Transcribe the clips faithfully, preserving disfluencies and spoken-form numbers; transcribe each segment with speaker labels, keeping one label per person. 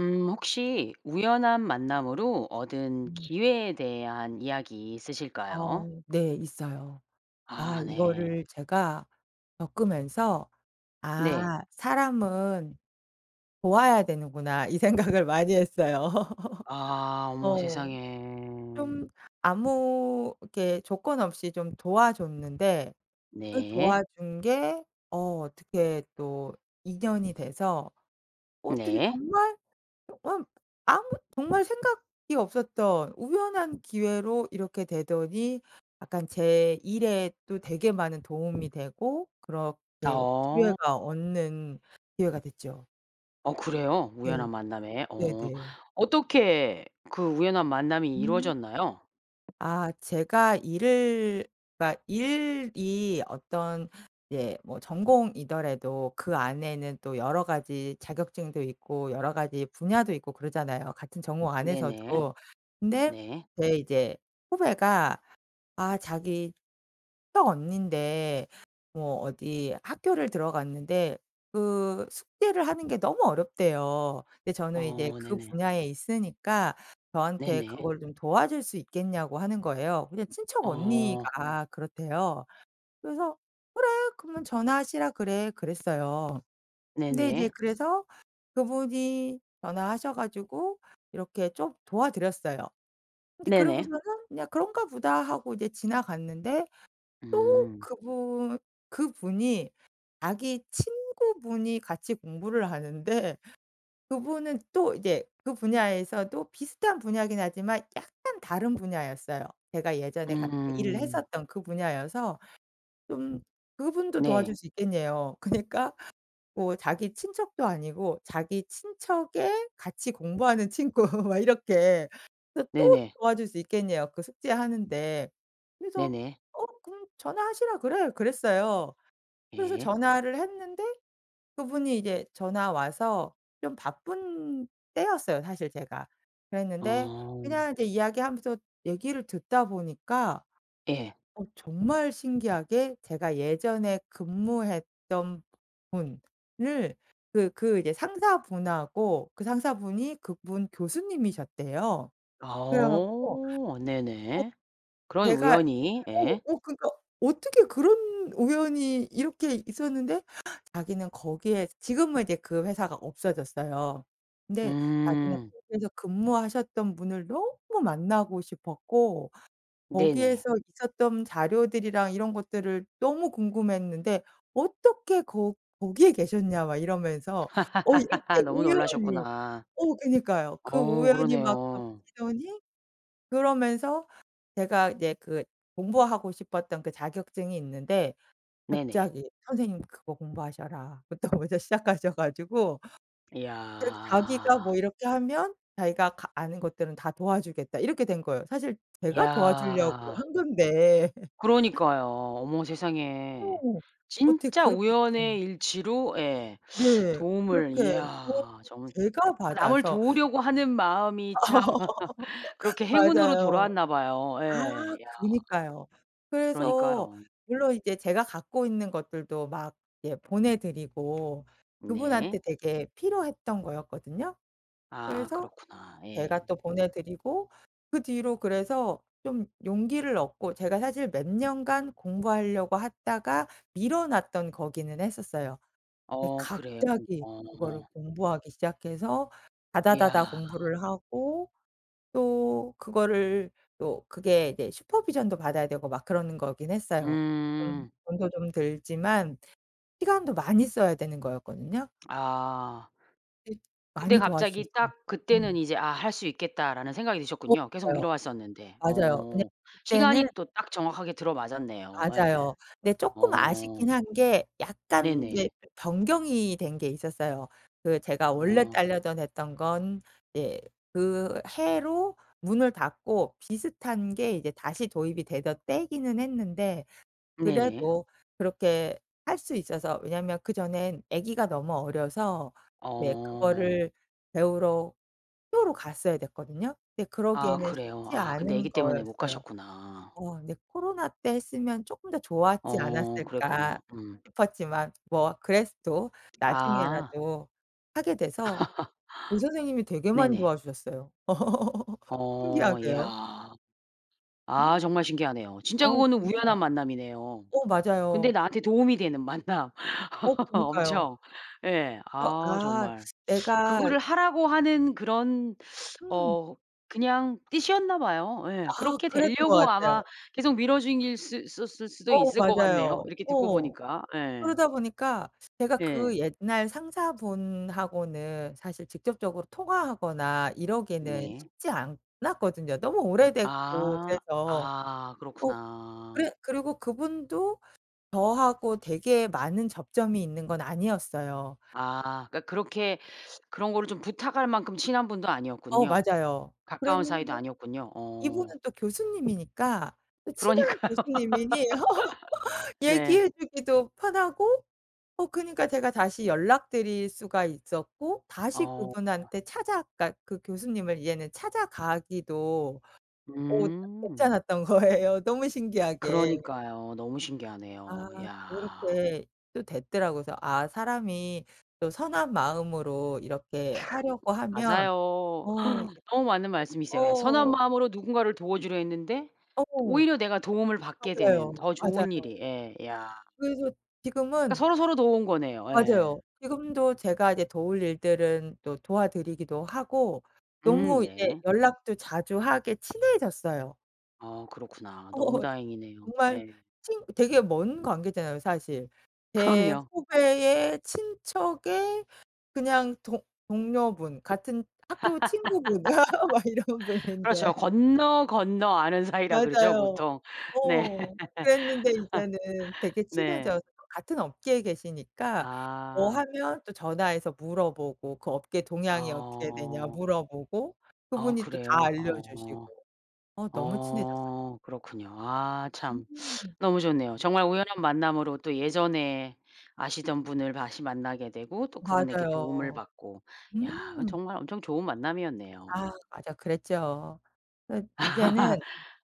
Speaker 1: 음 혹시 우연한 만남으로 얻은
Speaker 2: 음.
Speaker 1: 기회에 대한 이야기 있으실까요?
Speaker 2: 어 네 있어요. 아
Speaker 1: 아 네.
Speaker 2: 이거를 제가 겪으면서
Speaker 1: 네.
Speaker 2: '아 사람은 도와야 되는구나.' 이 생각을 많이 했어요.
Speaker 1: 아 어머
Speaker 2: 어.
Speaker 1: 세상에.
Speaker 2: 좀 아무 그렇게 조건 없이 좀 도와 줬는데 그 도와
Speaker 1: 네.
Speaker 2: 준 게 어 어떻게 또 인연이 돼서 어떻게
Speaker 1: 네.
Speaker 2: 정말 어 음 아무 정말 생각이 없었던 우연한 기회로 이렇게 되더니 약간 제 일에 또 되게 많은 도움이 되고 그렇게
Speaker 1: 어.
Speaker 2: 기회가 얻는 기회가 됐죠.
Speaker 1: 어 그래요?
Speaker 2: 네.
Speaker 1: 우연한 만남에. 어
Speaker 2: 네네.
Speaker 1: 어떻게 그 우연한 만남이
Speaker 2: 음.
Speaker 1: 이루어졌나요?
Speaker 2: 아 제가 일을 그니까 일이 어떤 이제 뭐 전공이더라도 그 안에는 또 여러 가지 자격증도 있고 여러 가지 분야도 있고 그러잖아요 같은 전공
Speaker 1: 네네.
Speaker 2: 안에서도. 근데
Speaker 1: 네.
Speaker 2: 제 이제 후배가 아 자기 친척 언닌데 뭐 어디 학교를 들어갔는데 그 숙제를 하는 게 너무 어렵대요. 근데 저는 이제
Speaker 1: 어
Speaker 2: 그
Speaker 1: 네네.
Speaker 2: 분야에 있으니까 저한테
Speaker 1: 네네.
Speaker 2: 그걸 좀 도와 줄 수 있겠냐고 하는 거예요. 그냥 친척
Speaker 1: 어.
Speaker 2: 언니가 그렇대요. 그래서 "그래 그러면 전화하시라 그래." 그랬어요. 근데 이제
Speaker 1: 네네.
Speaker 2: 그래서 그분이 전화하셔 가지고 이렇게 좀 도와 드렸어요. 근데
Speaker 1: 네네.
Speaker 2: 그러고서는 그냥 '그런가 보다.' 하고 지나갔는데 또
Speaker 1: 음.
Speaker 2: 그분 그분이 자기 친구분이 같이 공부를 하는데 그분은 또 이제 그 분야에서도 비슷한 분야이긴 하지만 약간 다른 분야였어요. 제가 예전에 같 일을
Speaker 1: 음.
Speaker 2: 했었던 그 분야여서 좀 그분도 도와
Speaker 1: 네.
Speaker 2: 줄 수 있겠냬요. 그러니까 뭐 자기 친척도 아니고 자기 친척의 같이 공부하는 친구 막 이렇게. 그래서 또
Speaker 1: 네네.
Speaker 2: 도와줄 수 있겠냬요 그 숙제하는데. 그래서
Speaker 1: 네네.
Speaker 2: "어 그럼 전화하시라 그래." 그랬어요. 그래서
Speaker 1: 예.
Speaker 2: 전화를 했는데 그분이 이제 전화 와서 좀 바쁜 때였어요 사실 제가. 그랬는데
Speaker 1: 아.
Speaker 2: 그냥 이제 이야기하면서 얘기를 듣다보니까
Speaker 1: 예.
Speaker 2: 어 정말 신기하게 제가 예전에 근무했던 분을 그, 그 예 상사분하고 그 상사분이 그분 교수님이셨대요. 그래 갖고
Speaker 1: 어
Speaker 2: 어
Speaker 1: 네네. 그런
Speaker 2: 제가
Speaker 1: 우연이
Speaker 2: 어
Speaker 1: 예.
Speaker 2: 어 그러니까 어떻게 그런 우연이 이렇게 있었는데 자기는 거기에 지금은 이제 그 회사가 없어졌어요. 근데 자기는
Speaker 1: 음.
Speaker 2: 거기에서 근무하셨던 분을 너무 만나고 싶었고
Speaker 1: 네네.
Speaker 2: 거기에서 있었던 자료들이랑 이런 것들을 너무 궁금해했는데 "어떻게 거 거기에 계셨냐." 막 이러면서 어 이렇게
Speaker 1: 너무
Speaker 2: 우연히
Speaker 1: 놀라셨구나.
Speaker 2: 어 그러니까요. 그
Speaker 1: 어
Speaker 2: 우연이 막
Speaker 1: 그러네요.
Speaker 2: 겹치더니 그러면서 제가 이제 그 공부하고 싶었던 그 자격증이 있는데
Speaker 1: 네네.
Speaker 2: 갑자기 "선생님 그거 공부하셔라." 부터 이제 시작하셔 가지고. 그렇게 자기가 "뭐
Speaker 1: 이야.
Speaker 2: 이렇게 하면 자기가 가 아는 것들은 다 도와 주겠다." 이렇게 된 거예요. 사실 제가 도와 주려고
Speaker 1: 이야.
Speaker 2: 한 건데.
Speaker 1: 그러니까요. 어머 세상에.
Speaker 2: 어. 어떻게
Speaker 1: 진짜
Speaker 2: 그렇게 됐어요.
Speaker 1: 우연의 일치로 예
Speaker 2: 네.
Speaker 1: 도움을
Speaker 2: 그렇게 도움을
Speaker 1: 이야 정말
Speaker 2: 제가
Speaker 1: 남을
Speaker 2: 받아서
Speaker 1: 도우려고 하는 마음이 참 그렇게 행운으로
Speaker 2: 맞아요.
Speaker 1: 돌아왔나 봐요.
Speaker 2: 아
Speaker 1: 예. 야.
Speaker 2: 그니까요. 그래서
Speaker 1: 그러니까요.
Speaker 2: 물론 이제 제가 갖고 있는 것들도 막 이제 보내 드리고 그분한테
Speaker 1: 네.
Speaker 2: 되게 필요했던 거였거든요.
Speaker 1: 아
Speaker 2: 그래서
Speaker 1: 그렇구나.
Speaker 2: 제가
Speaker 1: 예.
Speaker 2: 또 보내 드리고 그 뒤로 그래서 좀 용기를 얻고 제가 사실 몇 년간 공부하려고 하다가 미뤄 놨던 거기는 했었어요. 근데
Speaker 1: 어 그래요?
Speaker 2: 갑자기 그거를
Speaker 1: 어.
Speaker 2: 공부하기 시작해서 다다다다
Speaker 1: 야.
Speaker 2: 공부를 하고 또 그거를 또 그게 이제 슈퍼비전도 받아야 되고 막 그러는 거긴 했어요. 돈
Speaker 1: 음.
Speaker 2: 돈도 좀 들지만 시간도 많이 써야 되는 거였거든요.
Speaker 1: 아.
Speaker 2: 예
Speaker 1: 근데
Speaker 2: 많이 도와
Speaker 1: 갑자기
Speaker 2: 주셨어요.
Speaker 1: 딱 그때는
Speaker 2: 음.
Speaker 1: 이제 '아 할 수 있겠다.'라는 생각이 드셨군요. 계속
Speaker 2: 없어요.
Speaker 1: 미뤄왔었는데.
Speaker 2: 맞아요. 왜냐면
Speaker 1: 어
Speaker 2: 그때는
Speaker 1: 시간이 또 딱 정확하게 들어맞았네요. 예.
Speaker 2: 맞아요. 근데 쪼끔
Speaker 1: 어.
Speaker 2: 아쉽긴 한 게 약간 이제
Speaker 1: 네네.
Speaker 2: 변경이 된 게 있었어요. 그 제가 원래
Speaker 1: 어.
Speaker 2: 따려던 했던 건 이제 그 해로 문을 닫고 비슷한 게 이제 다시 도입이 되던 때이기는 했는데
Speaker 1: 네네.
Speaker 2: 그래도 그렇게 할 수 있어서 왜냐하면 그 전엔 아기가 너무 어려서 이제
Speaker 1: 어.
Speaker 2: 그거를 배우러 학교로 갔어야 됐거든요. 근데
Speaker 1: 아
Speaker 2: 그러기에는
Speaker 1: 그래요?
Speaker 2: 쉽지
Speaker 1: 아 근데
Speaker 2: 않은
Speaker 1: 아기 때문에 못
Speaker 2: 거였어요.
Speaker 1: 가셨구나.
Speaker 2: 어 근데 '코로나 때 했으면 쪼끔 더 좋았지
Speaker 1: 어
Speaker 2: 않았을까.'
Speaker 1: 그랬군요. 음.
Speaker 2: 싶었지만 뭐 그래도
Speaker 1: 아.
Speaker 2: 나중에라도 하게 돼서 이 선생님이 되게 많이
Speaker 1: 네네.
Speaker 2: 도와 주셨어요.
Speaker 1: 어
Speaker 2: 신기하게요.
Speaker 1: 야. 아
Speaker 2: 음.
Speaker 1: 정말 신기하네요. 진짜
Speaker 2: 어
Speaker 1: 그거는
Speaker 2: 그니까요.
Speaker 1: 우연한 만남이네요.
Speaker 2: 어
Speaker 1: 근데
Speaker 2: 맞아요. 디
Speaker 1: 나한테 도움이 되는 만남.
Speaker 2: 어 그니까요.
Speaker 1: 엄청. 예.
Speaker 2: 그래서
Speaker 1: 아
Speaker 2: 아
Speaker 1: 정말.
Speaker 2: 내가
Speaker 1: 그거를 하라고 하는 그런
Speaker 2: 음.
Speaker 1: 어 그냥 뜻이었나 봐요. 예.
Speaker 2: 아
Speaker 1: 그렇게
Speaker 2: 그랬던 것
Speaker 1: 되려고 아마
Speaker 2: 같아요.
Speaker 1: 계속 밀어중일 수 수 있었을 수도
Speaker 2: 어
Speaker 1: 있을 것 같네요
Speaker 2: 맞아요.
Speaker 1: 이렇게 듣고
Speaker 2: 어.
Speaker 1: 보니까. 예.
Speaker 2: 그러다 보니까 제가 그
Speaker 1: 예.
Speaker 2: 옛날 상사분하고는 사실 직접적으로 통화하거나 이러기는
Speaker 1: 네.
Speaker 2: 쉽지 않았거든요 너무 오래됐고
Speaker 1: 아
Speaker 2: 그래서.
Speaker 1: 아
Speaker 2: 어
Speaker 1: 그렇구나.
Speaker 2: 그래 그리고 그분도 저하고 되게 많은 접점이 있는 건 아니었어요.
Speaker 1: 아. 그러니까 그렇게 그런 거를 좀 부탁할 만큼 친한 분도
Speaker 2: 어
Speaker 1: 아니었군요.
Speaker 2: 맞아요.
Speaker 1: 가까운 사이도
Speaker 2: 그랬는데
Speaker 1: 아니었군요. 어.
Speaker 2: 이분은 또 교수님이니까 또 친한
Speaker 1: 그러니까요.
Speaker 2: 교수님이니
Speaker 1: 네.
Speaker 2: 얘기해 주기도 편하고 어 그니까 제가 다시 연락드릴 수가 있었고 다시
Speaker 1: 어.
Speaker 2: 그분한테 찾아 그러니까 그 교수님을 이제는 찾아가기도 어 [unintelligible]
Speaker 1: 음.
Speaker 2: 괜찮았던 거예요 너무 신기하게.
Speaker 1: 그러니까요. 너무
Speaker 2: 아
Speaker 1: 신기하네요. 야.
Speaker 2: 그렇게 또 됐더라고. 그래서 '아 사람이 또 선한 마음으로 이렇게 하려고 하면
Speaker 1: 맞아요.
Speaker 2: 어 이게 네
Speaker 1: 너무 맞는 말씀이세요. 예. 선한
Speaker 2: 어.
Speaker 1: 마음으로 누군가를 도와 주려 했는데
Speaker 2: 어.
Speaker 1: 오히려 내가 도움을 받게 되는
Speaker 2: 맞아요.
Speaker 1: 더 좋은
Speaker 2: 맞아요.
Speaker 1: 일이. 예 야.
Speaker 2: 그래서
Speaker 1: 그러니까
Speaker 2: 지금은
Speaker 1: 서로 서로 도운 거네요. 예.
Speaker 2: 맞아요. 지금도 제가 이제 도울 일들은 또 도와 드리기도 하고
Speaker 1: 음
Speaker 2: 너무 이제
Speaker 1: 네.
Speaker 2: 연락도 자주 하게 친해졌어요.
Speaker 1: 어 그렇구나. 너무
Speaker 2: 어
Speaker 1: 다행이네요.
Speaker 2: 정말
Speaker 1: 예.
Speaker 2: 친 되게 먼 관계잖아요, 사실. 제
Speaker 1: 그럼요.
Speaker 2: 후배의 친척의 그냥 동 동료분, 같은 학교 친구분 막 이런
Speaker 1: 그렇죠.
Speaker 2: 분인데.
Speaker 1: 건너건너 아는 사이라 그러죠,
Speaker 2: 맞아요.
Speaker 1: 보통. 네.
Speaker 2: 어. 그랬는데 이제는 되게
Speaker 1: 네.
Speaker 2: 친해져서 같은 업계에 계시니까 뭐
Speaker 1: 아.
Speaker 2: 하면 또 전화해서 물어보고 그 업계 동향이 어떻게 되냐
Speaker 1: 어.
Speaker 2: 물어보고
Speaker 1: 어
Speaker 2: 그분이 또 다
Speaker 1: 그래요? 어.
Speaker 2: 알려주시고. 어 너무 친해졌어요.
Speaker 1: 어 그렇군요. 아 참.
Speaker 2: 음.
Speaker 1: 너무 좋네요. 정말 우연한 만남으로 또 예전에 아시던 분을 다시 만나게 되고, 또 그분에게 도움을
Speaker 2: 맞아요.
Speaker 1: 받고. 야, 그건
Speaker 2: 음.
Speaker 1: 정말 엄청 좋은 만남이었네요.
Speaker 2: 아 맞아. 그랬죠. 그 이제는,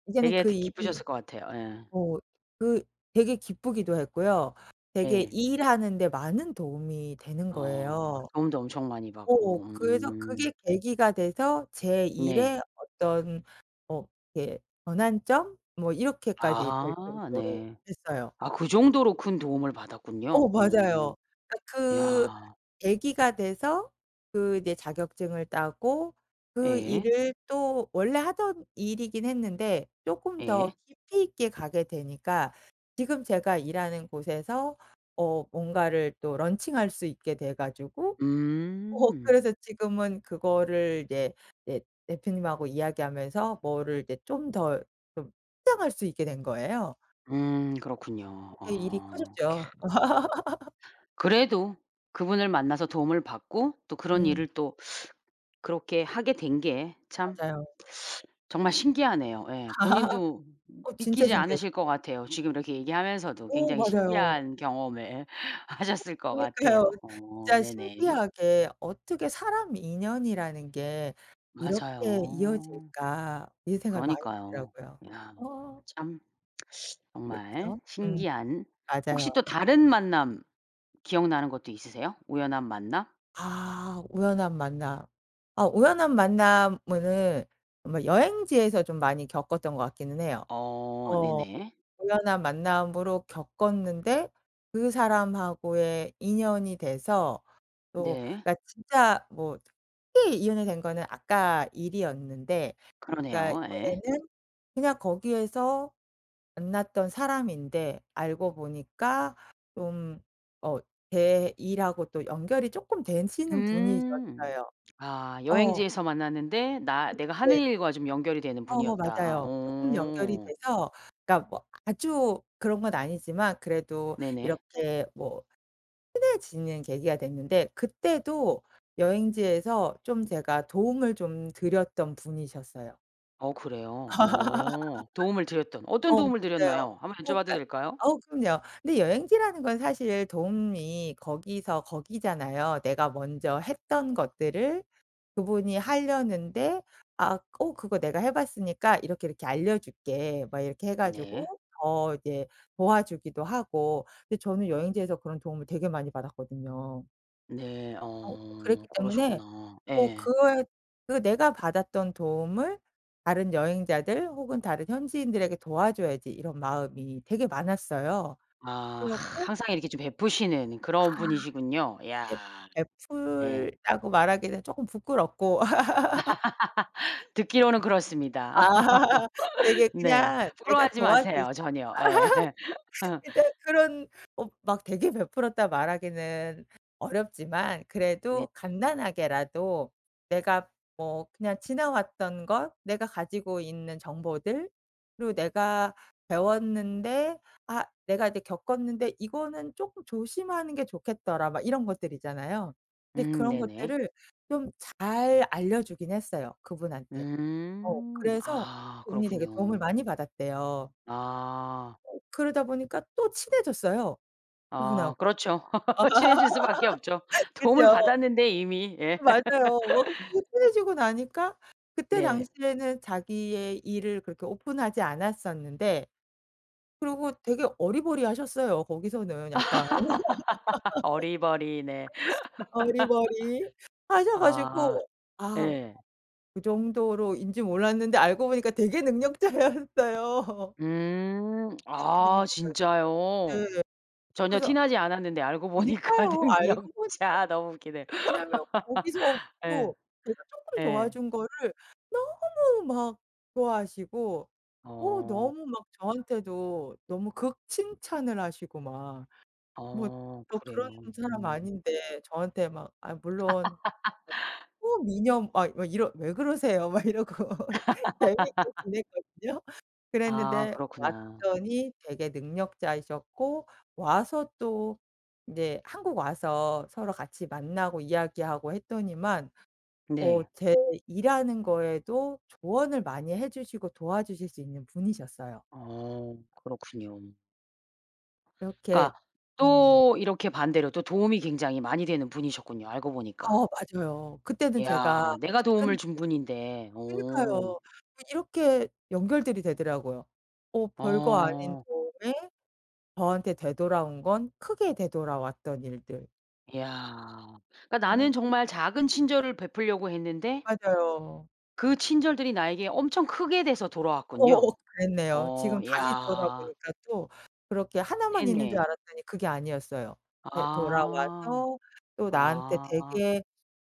Speaker 2: 이제는
Speaker 1: 되게
Speaker 2: 그
Speaker 1: 드
Speaker 2: 일이
Speaker 1: 기쁘셨을 것 같아요. 예.
Speaker 2: 어 그 되게 기쁘기도 했고요, 되게
Speaker 1: 네.
Speaker 2: 일하는 데 많은 도움이 되는
Speaker 1: 어,
Speaker 2: 거예요.
Speaker 1: 도움도 엄청 많이
Speaker 2: 어
Speaker 1: 받고.
Speaker 2: 그래서
Speaker 1: 음.
Speaker 2: 그게 계기가 돼서 제
Speaker 1: 네.
Speaker 2: 일의 어떤 뭐 이렇게 전환점, 뭐 이렇게까지 될
Speaker 1: 아
Speaker 2: 정도로
Speaker 1: 네.
Speaker 2: 됐어요.
Speaker 1: 아 그 정도로 큰 도움을
Speaker 2: 어,
Speaker 1: 받았군요. 어,
Speaker 2: 맞아요. 그니까 그
Speaker 1: 야.
Speaker 2: 계기가 돼서 그 이제 자격증을 따고 그
Speaker 1: 예.
Speaker 2: 일을 또 원래 하던 일이긴 했는데 조금
Speaker 1: 예.
Speaker 2: 더 깊이 있게 가게 되니까 지금 제가 일하는 곳에서 어 뭔가를 또 런칭 할 수 있게 돼 가지고 어
Speaker 1: 음.
Speaker 2: 그래서 지금은 그거를 이제 네 대표님하고 이야기하면서 뭐를 이제 좀 더 좀 확장할 수 있게 된 거예요.
Speaker 1: 음 그렇군요.
Speaker 2: 그렇게 일이
Speaker 1: 어
Speaker 2: 커졌죠.
Speaker 1: 캬. 그래도 그분을 만나서 도움을 받고, 또 그런
Speaker 2: 음.
Speaker 1: 일을 또 그렇게 하게 된 게 참
Speaker 2: 맞아요.
Speaker 1: 정말 신기하네요. 예. 본인도
Speaker 2: 어 진짜
Speaker 1: 믿기지
Speaker 2: 신기했어요.
Speaker 1: 않으실 거 같아요. 지금 이렇게 얘기하면서도
Speaker 2: 오
Speaker 1: 굉장히
Speaker 2: 맞아요.
Speaker 1: 신기한 경험을 하셨을 것 같아요.
Speaker 2: 그러니까요.
Speaker 1: 어
Speaker 2: 진짜
Speaker 1: 네네.
Speaker 2: 신기하게 '어떻게 사람 인연이라는 게 이렇게
Speaker 1: 맞아요.
Speaker 2: 이어질까.' 이런 생각이 많이
Speaker 1: 그러니까요.
Speaker 2: 들더라고요.
Speaker 1: 야
Speaker 2: 어.
Speaker 1: 참 정말
Speaker 2: 그렇죠. 음.
Speaker 1: 신기한 혹시
Speaker 2: 맞아요.
Speaker 1: 또 다른 만남 기억나는 것도 있으세요? 우연한 만남?
Speaker 2: 아, 우연한 만남. 어 우연한 만남은 아마 여행지에서 좀 많이 겪었던 것 같기는 해요.
Speaker 1: 어,
Speaker 2: 어
Speaker 1: 네네.
Speaker 2: 우연한 만남으로 겪었는데 그 사람하고의 인연이 돼서 또
Speaker 1: 네.
Speaker 2: 나 진짜 뭐 특히 인연이 된 거는 아까 일이었는데 그러니까
Speaker 1: 그러네요. 예.
Speaker 2: 이번에는 그냥 거기에서 만났던 사람인데 알고 보니까 좀 어 제 일하고 또 연결이 쪼끔 되시는
Speaker 1: 음
Speaker 2: 분이셨어요.
Speaker 1: 아
Speaker 2: 어.
Speaker 1: 여행지에서 만났는데 나
Speaker 2: 그.
Speaker 1: 내가 하는
Speaker 2: 네.
Speaker 1: 일과 좀 연결이 되는
Speaker 2: 어
Speaker 1: 분이었다.
Speaker 2: 맞아요. 쪼끔 연결이
Speaker 1: 오.
Speaker 2: 돼서 그러니까 뭐 아주 그런 건 아니지만 그래도
Speaker 1: 네네.
Speaker 2: 이렇게 뭐 친해지는 계기가 됐는데 그때도 여행지에서 좀 제가 도움을 좀 드렸던 분이셨어요.
Speaker 1: 어 그래요? 어 도움을 드렸던 어떤
Speaker 2: 어
Speaker 1: 도움을
Speaker 2: 맞아요.
Speaker 1: 드렸나요? 한번
Speaker 2: 어
Speaker 1: 여쭤봐도
Speaker 2: 그러니까
Speaker 1: 될까요?
Speaker 2: 어우 그럼요. 근데 여행지라는 건 사실 도움이 거기서 거기잖아요. 내가 먼저 했던 것들을 그분이 하려는데 아 어 그거 내가 해봤으니까 이렇게, 이렇게 알려줄게 막 이렇게 해 가지고
Speaker 1: 네.
Speaker 2: 더 이제 도와주기도 하고 근데 저는 여행지에서 그런 도움을 되게 많이 받았거든요.
Speaker 1: 네.
Speaker 2: 어
Speaker 1: 어
Speaker 2: 그랬기 때문에
Speaker 1: 그러셨구나.
Speaker 2: 어
Speaker 1: 예.
Speaker 2: 그에 그게 내가 받았던 도움을 다른 여행자들 혹은 다른 현지인들에게 도와줘야지 이런 마음이 되게 많았어요.
Speaker 1: 아
Speaker 2: 그래 갖고
Speaker 1: 항상 이렇게 좀 베푸시는
Speaker 2: 아.
Speaker 1: 그런 분이시군요. 야.
Speaker 2: 벺
Speaker 1: 예.
Speaker 2: 베풀이라고 말하기는 쪼끔 부끄럽고.
Speaker 1: 듣기로는
Speaker 2: 아
Speaker 1: 그렇습니다.
Speaker 2: 되게
Speaker 1: 네.
Speaker 2: 그냥 내가
Speaker 1: 부러워하지
Speaker 2: 도와 줄 수
Speaker 1: 마세요. 전혀. 예.
Speaker 2: 근데 그런 어 막 되게 베풀었다 말하기는 어렵지만
Speaker 1: 네.
Speaker 2: 그래도 간단하게라도 내가 뭐 그냥 지나왔던 것, 내가 가지고 있는 정보들, 그리고 '내가 배웠는데 아 내가 이제 겪었는데 이거는 쪼끔 조심하는 게 좋겠더라.' 막 이런 것들 있잖아요. 근데
Speaker 1: 음
Speaker 2: 그런
Speaker 1: 네네.
Speaker 2: 것들을 좀 잘 알려주긴 했어요. 그분한테. 어
Speaker 1: 음
Speaker 2: 그래서
Speaker 1: 아
Speaker 2: 그분이 되게 도움을
Speaker 1: 그렇군요.
Speaker 2: 많이 받았대요.
Speaker 1: 아.
Speaker 2: 그러다 보니까 또 친해졌어요.
Speaker 1: 아
Speaker 2: 그분하고.
Speaker 1: 그렇죠. 친해질 수밖에 없죠. 도움을
Speaker 2: 그죠.
Speaker 1: 받았는데 이미. 예.
Speaker 2: 맞아요. [unintelligible] 친해지고 나니까 그때
Speaker 1: 네.
Speaker 2: 당시에는 자기의 일을 그렇게 오픈하지 않았었는데. 그러고 되게 어리버리하셨어요 거기서는 약간.
Speaker 1: 어리버리. 네. 아 예. 음
Speaker 2: 되게 능력자였어요.
Speaker 1: 아 진짜요?
Speaker 2: 네 예.
Speaker 1: 전혀 티
Speaker 2: 그래서.
Speaker 1: 나지 않았는데 알고 보니까
Speaker 2: 그니까요. 알고 보니까.
Speaker 1: 능력자. 너무 웃기네.
Speaker 2: 왜냐면 거기서
Speaker 1: 예.
Speaker 2: 또 제가 쪼끔
Speaker 1: 예.
Speaker 2: 도와준 거를 너무 막 좋아하시고 어
Speaker 1: 어.
Speaker 2: 너무 막 저한테도 너무 극 칭찬을 하시고 막 뭐
Speaker 1: 어
Speaker 2: 또
Speaker 1: 그래요.
Speaker 2: 그런 사람
Speaker 1: 음.
Speaker 2: 아닌데 저한테 막 아 물론 초미녀 막 막 이러 "왜 그러세요?" 막 이러고 재미있게 지냈거든요.
Speaker 1: 아
Speaker 2: 그랬는데
Speaker 1: 그렇구나.
Speaker 2: 왔더니 되게 능력자이셨고 와서 또 네 한국 와서 서로 같이 만나고 이야기하고 했더니만 어
Speaker 1: 네.
Speaker 2: 제 일하는 거에도 조언을 많이 해주시고 도와주실 수 있는 분이셨어요.
Speaker 1: 어, 그렇군요.
Speaker 2: 이렇게
Speaker 1: 그러니까
Speaker 2: 음.
Speaker 1: 또 이렇게 반대로 또 도움이 굉장히 많이 되는 분이셨군요 알고
Speaker 2: 아
Speaker 1: 보니까.
Speaker 2: 맞아요. 그때는 제가
Speaker 1: 이야 내가 도움을
Speaker 2: 작은
Speaker 1: 준 분인데.
Speaker 2: 그
Speaker 1: 오.
Speaker 2: 그러니까요. 아니 이렇게 연결들이 되더라고요. 어 별거 아닌
Speaker 1: 어.
Speaker 2: 도움에 저한테 되돌아온 건 크게 되돌아왔던 일들.
Speaker 1: 야 그러니까 나는
Speaker 2: 아.
Speaker 1: 정말 작은 친절을 베풀려고 했는데
Speaker 2: 맞아요.
Speaker 1: 그 친절들이 나에게 엄청 크게 돼서
Speaker 2: 어
Speaker 1: 돌아왔군요.
Speaker 2: 어 그랬네요.
Speaker 1: 어
Speaker 2: 지금 다시
Speaker 1: 이야.
Speaker 2: 돌아보니까 또 그렇게 하나만 있는 줄
Speaker 1: 네네.
Speaker 2: 알았더니 그게 아니었어요. 이제
Speaker 1: 아.
Speaker 2: 돌아와서 또 나한테
Speaker 1: 아.
Speaker 2: 되게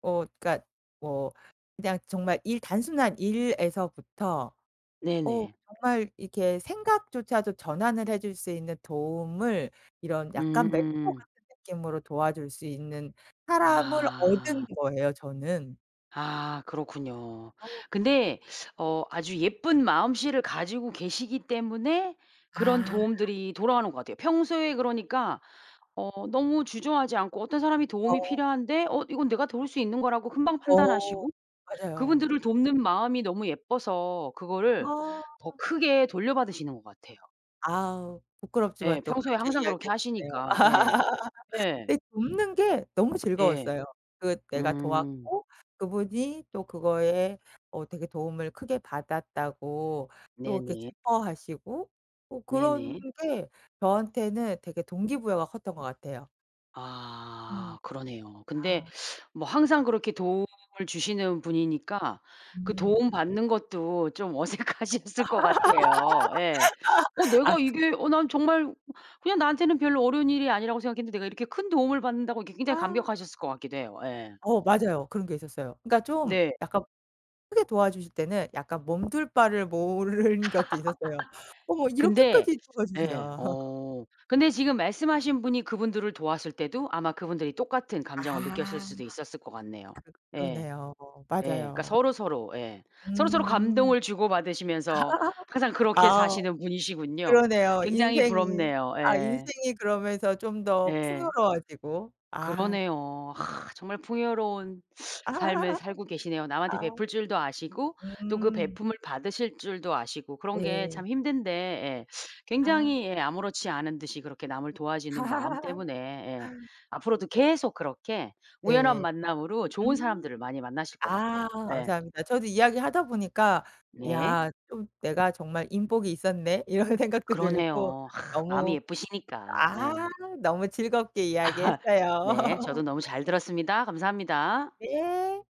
Speaker 2: 어 그러니까 뭐 그냥 정말 일 단순한 일에서부터 어
Speaker 1: 네네.
Speaker 2: 정말 이렇게 생각조차도 전환을 해줄 수 있는 도움을 이런 약간 멘토
Speaker 1: 음.
Speaker 2: 같은 느낌으로 도와줄 수 있는 사람을 얻은
Speaker 1: 아.
Speaker 2: 거예요 저는.
Speaker 1: 아 그렇군요.
Speaker 2: 어.
Speaker 1: 근데 어 아주 예쁜 마음씨를 가지고 계시기 때문에 그런
Speaker 2: 아.
Speaker 1: 도움들이 돌아오는 것 같아요. 평소에 그러니까 어 너무 주저하지 않고 어떤 사람이
Speaker 2: 어.
Speaker 1: 도움이 필요한데 어 이건 내가 도울 수 있는 거라고 금방
Speaker 2: 어
Speaker 1: 판단하시고
Speaker 2: 맞아요.
Speaker 1: 그분들을 돕는 마음이 너무 예뻐서 그거를
Speaker 2: 아.
Speaker 1: 더 크게 돌려받으시는 것 같아요.
Speaker 2: 아우 부끄럽지만
Speaker 1: 예.
Speaker 2: 또
Speaker 1: 평소에
Speaker 2: 그렇게
Speaker 1: 항상 그렇게
Speaker 2: 이야기해 주시네요.
Speaker 1: 하시니까. 예. 예.
Speaker 2: 근데 돕는 게 너무
Speaker 1: 예.
Speaker 2: 즐거웠어요. 그 내가
Speaker 1: 음.
Speaker 2: 도왔고 그분이 또 그거에 어 되게 도움을 크게 받았다고 또 이렇게
Speaker 1: 네네.
Speaker 2: 기뻐하시고 어 그런
Speaker 1: 네네.
Speaker 2: 게 저한테는 되게 동기부여가 컸던 것 같아요.
Speaker 1: 아
Speaker 2: 음.
Speaker 1: 그러네요. 근데
Speaker 2: 아.
Speaker 1: 뭐 항상 그렇게 도움을 주시는 분이니까 그
Speaker 2: 음.
Speaker 1: 도움 받는 것도 좀 어색하셨을 것 같아요. 예. '어
Speaker 2: 아
Speaker 1: 내가
Speaker 2: 그
Speaker 1: 이게 어 난 정말 그냥 나한테는 별로 어려운 일이 아니라고 생각했는데 내가 이렇게 큰 도움을 받는다고?' 이렇게 굉장히
Speaker 2: 아.
Speaker 1: 감격하셨을 것 같기도 해요. 예.
Speaker 2: 어 맞아요. 그런 게 있었어요. 그러니까 좀
Speaker 1: 네.
Speaker 2: 약간 크게 도와주실 때는 약간 몸 둘 바를 모른 것도 있었어요. 어머
Speaker 1: 근데
Speaker 2: 이렇게까지
Speaker 1: 예.
Speaker 2: 도와주시나.
Speaker 1: 어 근데 지금 말씀하신 분이 그분들을 도왔을 때도 아마 그분들이 똑같은 감정을 느꼈을
Speaker 2: 아.
Speaker 1: 수도 있었을 것 같네요.
Speaker 2: 그
Speaker 1: 예.
Speaker 2: 그러네요.
Speaker 1: 예. 그러니까
Speaker 2: 맞아요.
Speaker 1: 서로서로 예.
Speaker 2: 음.
Speaker 1: 서로서로 감동을 주고 받으시면서 항상 그렇게
Speaker 2: 아
Speaker 1: 사시는 분이시군요.
Speaker 2: 그러네요.
Speaker 1: 굉장히
Speaker 2: 인생이.
Speaker 1: 부럽네요.
Speaker 2: 아
Speaker 1: 예.
Speaker 2: 인생이 그러면서 좀 더
Speaker 1: 예.
Speaker 2: 풍요로워지고. 아.
Speaker 1: 그러네요. 정말 풍요로운 삶을 살고 계시네요. 남한테
Speaker 2: 아.
Speaker 1: 베풀 줄도 아시고 또 그
Speaker 2: 음.
Speaker 1: 베풂을 받으실 줄도 아시고 그런 게
Speaker 2: 네.
Speaker 1: 참 힘든데 예.
Speaker 2: 아.
Speaker 1: 굉장히 예 아무렇지 않은 듯이 그렇게 남을 도와주는 마음 때문에 예. 앞으로도 계속 그렇게 우연한
Speaker 2: 네.
Speaker 1: 만남으로 좋은
Speaker 2: 음.
Speaker 1: 사람들을 많이 만나실 것
Speaker 2: 아
Speaker 1: 같아요. 예.
Speaker 2: 감사합니다. 저도 이야기하다 보니까'
Speaker 1: 네.
Speaker 2: 야 좀 내가 정말 인복이 있었네?' 이런 생각도 들고
Speaker 1: 그러네요. 마음이
Speaker 2: 너무
Speaker 1: 예쁘시니까
Speaker 2: 아
Speaker 1: 네.
Speaker 2: 너무 즐겁게 이야기했어요.
Speaker 1: 네 저도 너무 잘 들었습니다. 감사합니다.
Speaker 2: 네.